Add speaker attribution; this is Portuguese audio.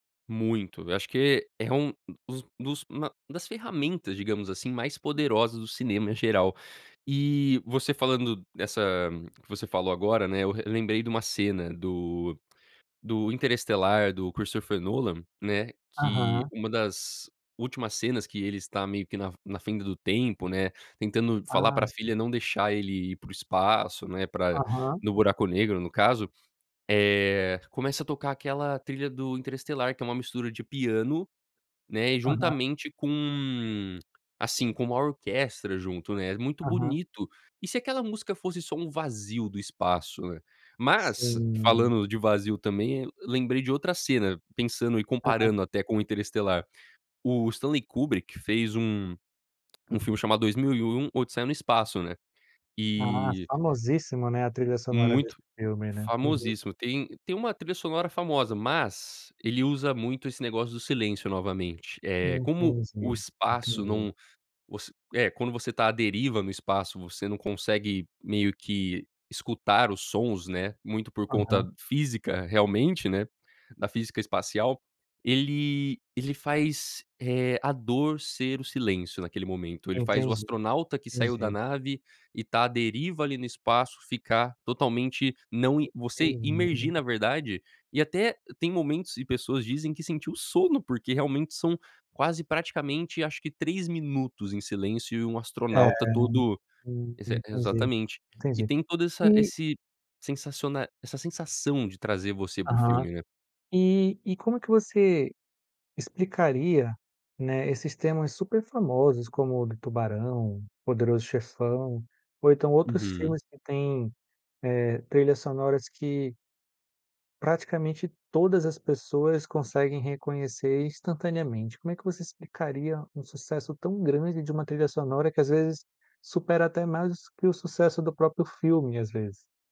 Speaker 1: Muito. Eu acho que é é um dos dos ma das ferramentas, digamos assim, mais poderosas do cinema, em geral. E, você falando dessa que você falou agora, né, eu re lembrei de uma cena do do Interestelar, do Christopher Nolan, né, que
Speaker 2: Aham.
Speaker 1: uma das últimas cenas que ele está, meio que na f na fenda do tempo, né, tentando falar
Speaker 2: Ah.
Speaker 1: para a
Speaker 2: Sim.
Speaker 1: filha não deixar ele ir para o espaço, né, pra
Speaker 2: Aham.
Speaker 1: no buraco negro, no caso, eh, começa a tocar aquela trilha do Interestelar que é uma mistura de piano, né, e
Speaker 2: Aham.
Speaker 1: juntamente com, assim, com uma orquestra junto, né, é muito
Speaker 2: Aham.
Speaker 1: bonito. E, se aquela música fosse só um vazio do espaço, né? Mas,
Speaker 2: Sim.
Speaker 1: falando de vazio, também, lembrei de outra cena, pensando e
Speaker 2: Aham.
Speaker 1: comparando até com o Interestelar, o Stanley Kubrick fez um um filme chamado 2001 Odisseia no Espaço, né?
Speaker 2: Ah.
Speaker 1: E
Speaker 2: Famosíssima, né, a trilha sonora desse
Speaker 1: Muito.
Speaker 2: filme, né? Uhum.
Speaker 1: Famosíssimo. Tem tem uma trilha sonora famosa, mas, ele usa muito esse negócio do silêncio, novamente. Eh, como o
Speaker 2: Entendi.
Speaker 1: espaço
Speaker 2: Entendi.
Speaker 1: não voc é, quando você tá à deriva no espaço, você não consegue, meio que, escutar os sons, né, muito por conta
Speaker 2: Aham.
Speaker 1: física, realmente, né, da física espacial. Ele ele faz, eh, a dor ser o silêncio, naquele momento, ele faz o
Speaker 2: Entendi.
Speaker 1: astronauta que saiu da
Speaker 2: Entendi.
Speaker 1: nave e, tá à deriva, ali, no espaço ficar, totalmente, não i você imergir
Speaker 2: Entendi.
Speaker 1: na verdade, e, até tem momentos, e pessoas dizem que sentiu sono, porque, realmente, são quase, praticamente, acho que 3 minutos em silêncio e um
Speaker 2: É.
Speaker 1: astronauta todo
Speaker 2: Hum.
Speaker 1: Ex
Speaker 2: Entendi.
Speaker 1: exatamente. E,
Speaker 2: Entendi.
Speaker 1: tem toda essa
Speaker 2: E
Speaker 1: esse sensaciona essa sensação de trazer você para o
Speaker 2: Aham.
Speaker 1: filme, né?
Speaker 2: E e como que você explicaria, né, esses temas super famosos como o do Tubarão, Poderoso Chefão ou então, outros
Speaker 1: Uhum.
Speaker 2: filmes que tem, eh, trilhas sonoras que praticamente, todas as pessoas conseguem reconhecer, instantaneamente. Como é que você explicaria um sucesso tão grande de uma trilha sonora que, às vezes, supera até mais que o sucesso do próprio filme, às vezes?